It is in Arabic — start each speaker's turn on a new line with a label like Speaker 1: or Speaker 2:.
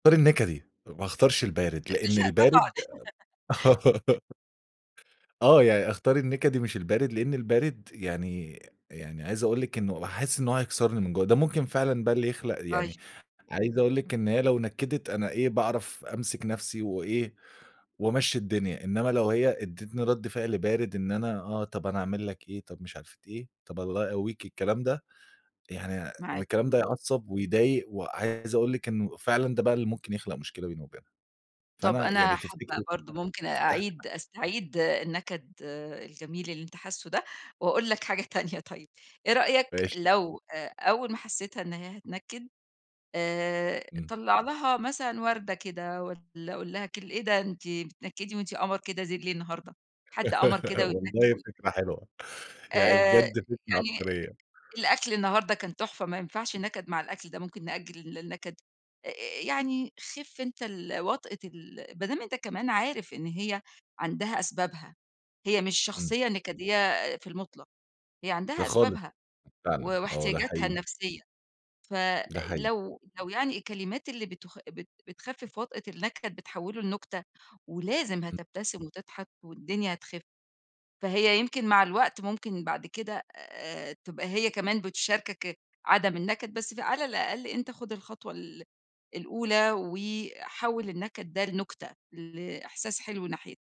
Speaker 1: أختار النكدي، ما أختارش البارد، لإن
Speaker 2: لأ، طبعًا.
Speaker 1: البارد آآ آه، يع أختار النكدي مش البارد، لإن البارد يعني يعني، عايِز أقول لِك إنه أحِس إنه هو هيكسِرني من جوّه، ده ممكن فعلًا بقى اللي يخلُق
Speaker 2: طيب.
Speaker 1: يعني عايِز أقول لِك إن هي لو نكَدِت أنا إيه، باعرَف أمسِك نفسي وإيه، وأمشِي الدنيا. إنما لو هي أدَّتني رد فعل بارد، "إن أنا آه، طَب أنا أعمَل لك إيه؟ طَب مش عارفة إيه، طَب الله يقوِّيك." الكلام ده يعني، يعني
Speaker 2: معاك،
Speaker 1: الكلام ده
Speaker 2: امم.
Speaker 1: يعصِّب ويضايِق، وعايِز أقول لِك إنه فعلًا ده بقى اللي ممكن يخلُق مشكلة بيني وبينها،
Speaker 2: طَب
Speaker 1: فأنا
Speaker 2: أنا
Speaker 1: يعني، تفتكري
Speaker 2: حابة
Speaker 1: إن
Speaker 2: برضو
Speaker 1: أنا
Speaker 2: ممكن
Speaker 1: فتَحت م
Speaker 2: أعيد أستعيد النكد الجميل اللي أنت حاسه ده، وأقول لك حاجة تانية طيب إيه رأيك
Speaker 1: ماشي.
Speaker 2: لو آآ، أول ما حسيتها إن هي هتنكد آآ،
Speaker 1: امم.
Speaker 2: طلع لها مثلًا وردة كده والّا قل لها كل إيه ده أنتِ بتنكدي وأنتِ قمر كده زيل ليه النهارده؟ حد قمر كده ويتنكد
Speaker 1: والله
Speaker 2: و
Speaker 1: فكرة حلوة! يعني
Speaker 2: آآ،
Speaker 1: بجد فكرة
Speaker 2: يعني
Speaker 1: عبقرية.
Speaker 2: الأكل النهارده كان تحفة، ما ينفَعش نكَد مع الأكل ده، ممكن نأجِّل ال النكَد. آآ، يعني، خِفّ أنتَ ال وطأة ال ما دام أنتَ كمان عارف إن هي عندها أسبابها، هي مش
Speaker 1: امم.
Speaker 2: شخصية نكَدية في المُطلَق، هي
Speaker 1: لأ
Speaker 2: عندها
Speaker 1: خالص.
Speaker 2: أسبابها و
Speaker 1: فعلًا، آه، ده
Speaker 2: واحتياجاتها
Speaker 1: حقيقي.
Speaker 2: النفسية. ف
Speaker 1: ده حقيقي.
Speaker 2: لو لو يعني، الكلمات اللي بتخ بت بتخفِّف وطأة النكَد، بتحوِّله لنُكتة، ولازم
Speaker 1: امم.
Speaker 2: هتبتسِم وتضحَك والدنيا هتخِفّ. فهي يمكن مع الوقت، ممكن بعد كده آآ، تبقى هي كمان بتشارِكك عدَم النكَد. بس فعلى الأقل أنتَ خُد الخطوة ال الأولى وحوِّل النكَد ده لنُكتة، لإحساس حِلو ناحيت